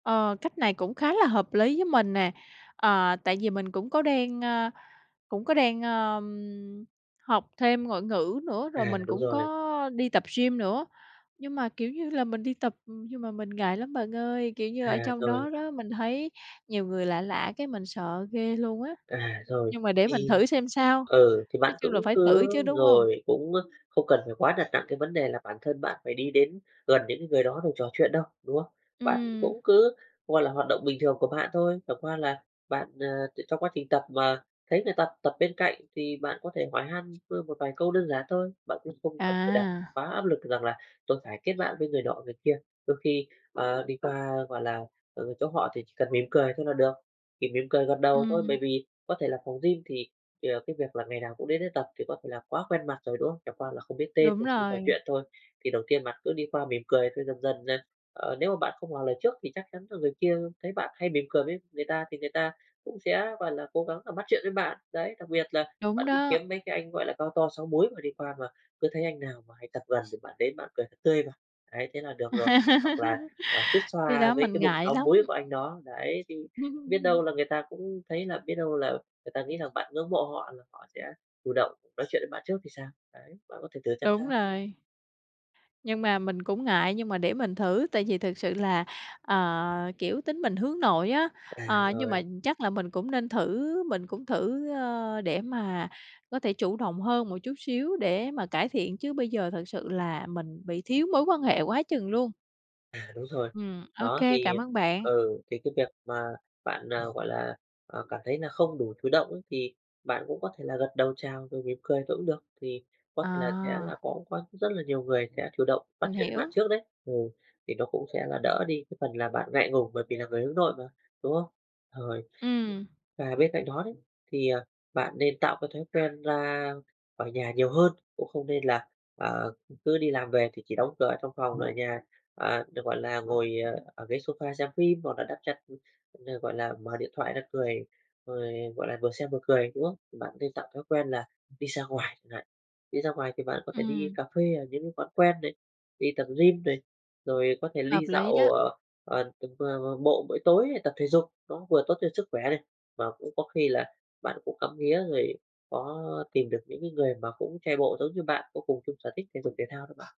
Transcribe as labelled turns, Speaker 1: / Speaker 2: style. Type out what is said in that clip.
Speaker 1: Ờ, cách này cũng khá là hợp lý với mình nè, à, tại vì mình cũng có đang a, cũng có đang, a, học thêm ngoại ngữ nữa, rồi
Speaker 2: À,
Speaker 1: mình
Speaker 2: đúng
Speaker 1: cũng
Speaker 2: rồi.
Speaker 1: có đi tập gym nữa. Nhưng mà, kiểu như là, mình đi tập nhưng mà mình ngại lắm bạn ơi, kiểu như, ở
Speaker 2: À,
Speaker 1: trong
Speaker 2: rồi.
Speaker 1: đó đó, mình thấy nhiều người lạ lạ cái mình sợ ghê luôn á.
Speaker 2: À, rồi,
Speaker 1: Nhưng mà để mình
Speaker 2: thì,
Speaker 1: thử xem sao,
Speaker 2: ừ, thì
Speaker 1: nói
Speaker 2: bạn
Speaker 1: chung là
Speaker 2: cũng
Speaker 1: phải thử
Speaker 2: cứ
Speaker 1: chứ, đúng hông?
Speaker 2: rồi, cũng không cần phải quá đặt nặng cái vấn đề là bản thân bạn phải đi đến gần những cái người đó rồi trò chuyện đâu, đúng không? Bạn
Speaker 1: Ừm.
Speaker 2: cũng cứ, gọi là, hoạt động bình thường của bạn thôi, chẳng qua là bạn, ờ, tr trong quá trình tập mà thấy người ta tập bên cạnh thì bạn có thể hỏi han vơ một vài câu đơn giản thôi. Bạn cũng không cần phải đặt
Speaker 1: À!
Speaker 2: quá áp lực rằng là "Tôi phải kết bạn với người nọ, người kia." Đôi khi, ờ, đi qua, gọi là, ờ, chỗ họ thì chỉ cần mỉm cười thôi là được, chỉ mỉm cười gật đầu thôi, bởi
Speaker 1: Ừm.
Speaker 2: vì có thể là phòng gym thì thì, à, cái việc là ngày nào cũng đến đấy tập thì có thể là quá quen mặt rồi, đúng không? Chẳng qua là không biết tên
Speaker 1: Đúng
Speaker 2: rồi không trò chuyện
Speaker 1: rồi.
Speaker 2: thôi. Thì đầu tiên bạn cứ đi qua mỉm cười rồi dần dần này, ờ, nếu mà bạn không ngỏ lời trước thì chắc chắn là người kia thấy bạn hay mỉm cười với người ta thì người ta cũng sẽ, gọi là, cố gắng, à, bắt chuyện với bạn, đấy. Đặc biệt là
Speaker 1: Đúng
Speaker 2: bạn cứ
Speaker 1: đó.
Speaker 2: kiếm mấy cái anh, gọi là, cao to 6 múi mà đi qua mà cứ thấy anh nào mà hay tập gần thì bạn đến bạn cười thật tươi vào. Đấy, thế là được rồi, hoặc là, à, xuýt
Speaker 1: Cái
Speaker 2: xoa
Speaker 1: đó
Speaker 2: với
Speaker 1: mình
Speaker 2: cái bụng
Speaker 1: ngại
Speaker 2: 6
Speaker 1: lắm.
Speaker 2: múi của anh đó, đấy, thì biết đâu là người ta cũng thấy là biết đâu là người ta nghĩ rằng bạn ngưỡng mộ họ là họ sẽ chủ động nói chuyện với bạn trước thì sao, đấy. Bạn có thể thử xem
Speaker 1: Đúng
Speaker 2: sao.
Speaker 1: rồi. Nhưng mà mình cũng ngại, nhưng mà để mình thử tại vì thực sự là, ờ, kiểu, tính mình hướng nội á,
Speaker 2: À,
Speaker 1: ờ, nhưng mà
Speaker 2: rồi.
Speaker 1: chắc là mình cũng nên thử, mình cũng thử, ơ, để mà có thể chủ động hơn một chút xíu để mà cải thiện, chứ bây giờ thật sự là mình bị thiếu mối quan hệ quá chừng luôn.
Speaker 2: À, đúng rồi.
Speaker 1: Ừm, OK,
Speaker 2: Đó,
Speaker 1: cảm
Speaker 2: thì,
Speaker 1: ơn bạn.
Speaker 2: ừ, thì cái việc mà bạn, à, gọi là, à, cảm thấy là không đủ chủ động á thì bạn cũng có thể là gật đầu chào rồi mỉm cười thôi cũng được, thì có thể là sẽ là
Speaker 1: À!
Speaker 2: có quan rất là nhiều người sẽ chủ động bắt
Speaker 1: Mình
Speaker 2: chuyện với bạn
Speaker 1: hiểu.
Speaker 2: trước đấy. Ừ, thì nó cũng sẽ là đỡ đi cái phần là bạn ngại ngùng bởi vì là người hướng nội mà, đúng không? Rồi,
Speaker 1: Ừm.
Speaker 2: và bên cạnh đó đấy, thì, à, bạn nên tạo cái thói quen ra khỏi nhà nhiều hơn, cũng không nên là, ờ, cứ đi làm về thì chỉ đóng cửa ở trong phòng, ở nhà, ờ, được, gọi là, ngồi, ờ, ở ghế sofa xem phim hoặc là đắp chăn cũng như, gọi là, mở điện thoại ra cười, rồi, gọi là, vừa xem vừa cười, đúng không? Thì bạn nên tập thói quen là đi ra ngoài chẳng hạn. Đi ra ngoài thì bạn có thể đi
Speaker 1: Ừm.
Speaker 2: cà phê ở những quán quen này, đi tập gym này, rồi có thể li
Speaker 1: Hợp
Speaker 2: dạo,
Speaker 1: lý
Speaker 2: ồ,
Speaker 1: đó.
Speaker 2: à, à, từng [unintelligible] bộ buổi tối tập thể dục, nó vừa tốt cho sức khỏe này, và cũng có khi là bạn cũng ngắm nghía rồi có tìm được những cái người mà cũng chạy bộ giống như bạn có cùng chung sở thích thể dục thể thao đó.